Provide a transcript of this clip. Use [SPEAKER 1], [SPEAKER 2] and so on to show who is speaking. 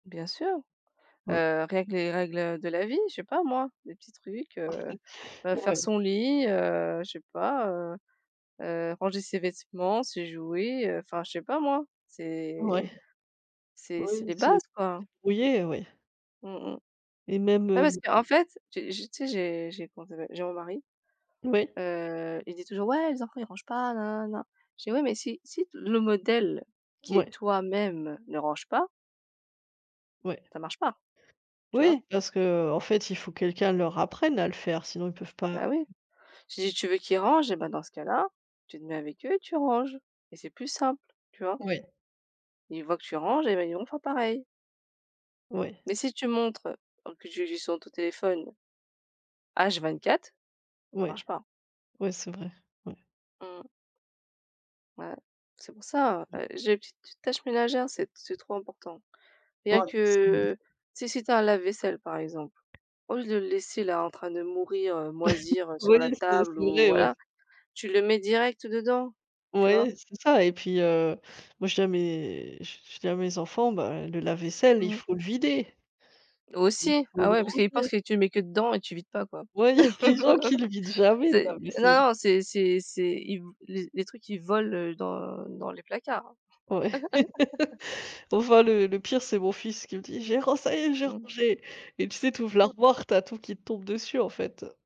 [SPEAKER 1] Bien sûr.
[SPEAKER 2] Moui.
[SPEAKER 1] Heu, rien que les règles, heu, de la vie, je sais pas moi, des petits trucs, heu heu, faire
[SPEAKER 2] Ouais.
[SPEAKER 1] son lit, heu, je sais pas, heu heu, ranger ses vêtements, ses jouets, heu, enfin, je sais pas moi.
[SPEAKER 2] Ouais.
[SPEAKER 1] C'est c'est c'est
[SPEAKER 2] Oui,
[SPEAKER 1] les
[SPEAKER 2] c'est
[SPEAKER 1] bases, quoi.
[SPEAKER 2] débrouillé, ouais.
[SPEAKER 1] Mmh mh.
[SPEAKER 2] Et même,
[SPEAKER 1] Ouais parce
[SPEAKER 2] heu
[SPEAKER 1] qu'en fait, j'ai j'ai tu sais, j'ai j'ai comment ça s'appelle, j'ai mon mari,
[SPEAKER 2] Oui.
[SPEAKER 1] heu, il dit toujours: «Ouais, les enfants, ils rangent pas», nananana. Je dis: «Ouais, mais si si t le modèle qui est
[SPEAKER 2] Ouais.
[SPEAKER 1] toi même ne range pas»
[SPEAKER 2] Ouais.
[SPEAKER 1] «ça marche pas, tu vois?»
[SPEAKER 2] Oui, parce que, heu, en fait, il faut quelqu'un leur apprenne à le faire sinon ils peuvent pas.
[SPEAKER 1] Bah oui. J'ai dit: «Tu veux qu'ils rangent et bah, dans ce cas là, tu te mets avec eux et tu ranges et c'est plus simple, tu vois?»
[SPEAKER 2] Oui.
[SPEAKER 1] Ils voient que tu ranges et beh, ils vont faire pareil.
[SPEAKER 2] Oui.
[SPEAKER 1] Mais si tu montres donc que tu es juste sur ton téléphone H24.
[SPEAKER 2] Oui,
[SPEAKER 1] Marche pas.
[SPEAKER 2] oui, c'est vrai. Ouais.
[SPEAKER 1] Mmh. Ouais. C'est pour ça, heu heu, j'ai une petite tite tâche ménagère c'est c'est trop important.
[SPEAKER 2] Ouais,
[SPEAKER 1] Bien
[SPEAKER 2] c'est vrai.
[SPEAKER 1] que, heu, si si tu as un lave-vaisselle, par exemple, au lieu de le laisser là, en train de mourir, heu, moisir, heu,
[SPEAKER 2] Oui,
[SPEAKER 1] sur la
[SPEAKER 2] c'est
[SPEAKER 1] table
[SPEAKER 2] c'est
[SPEAKER 1] ou
[SPEAKER 2] vrai, oui.
[SPEAKER 1] voilà, tu le mets direct dedans, tu vois?
[SPEAKER 2] Oui, c'est ça et puis, heu, moi, je dis à mes je je je dis à mes enfants: «Bah et le lave-vaisselle, il
[SPEAKER 1] Mmh.
[SPEAKER 2] faut le vider». Il
[SPEAKER 1] Aussi!
[SPEAKER 2] faut
[SPEAKER 1] Ah
[SPEAKER 2] le
[SPEAKER 1] ouais, parce qu'eux, ils pensent
[SPEAKER 2] vider.
[SPEAKER 1] que tu mets que dedans et tu vides pas, quoi.
[SPEAKER 2] Ouais, les gens qui le vident jamais le
[SPEAKER 1] C'est non
[SPEAKER 2] lave-vaisselle.
[SPEAKER 1] non, c'est c'est c'est ils v les les trucs, ils volent, heu, dans dans les placards, hein.
[SPEAKER 2] Ouais. Enfin, le le pire c'est mon fils qui me dit: «J'ai ran ça y est, j'ai
[SPEAKER 1] Mmh.
[SPEAKER 2] rangé! Et tu sais, tu ouvres
[SPEAKER 1] Mmh.
[SPEAKER 2] l'armoire, tu as tout qui te tombe dessus, en fait, heu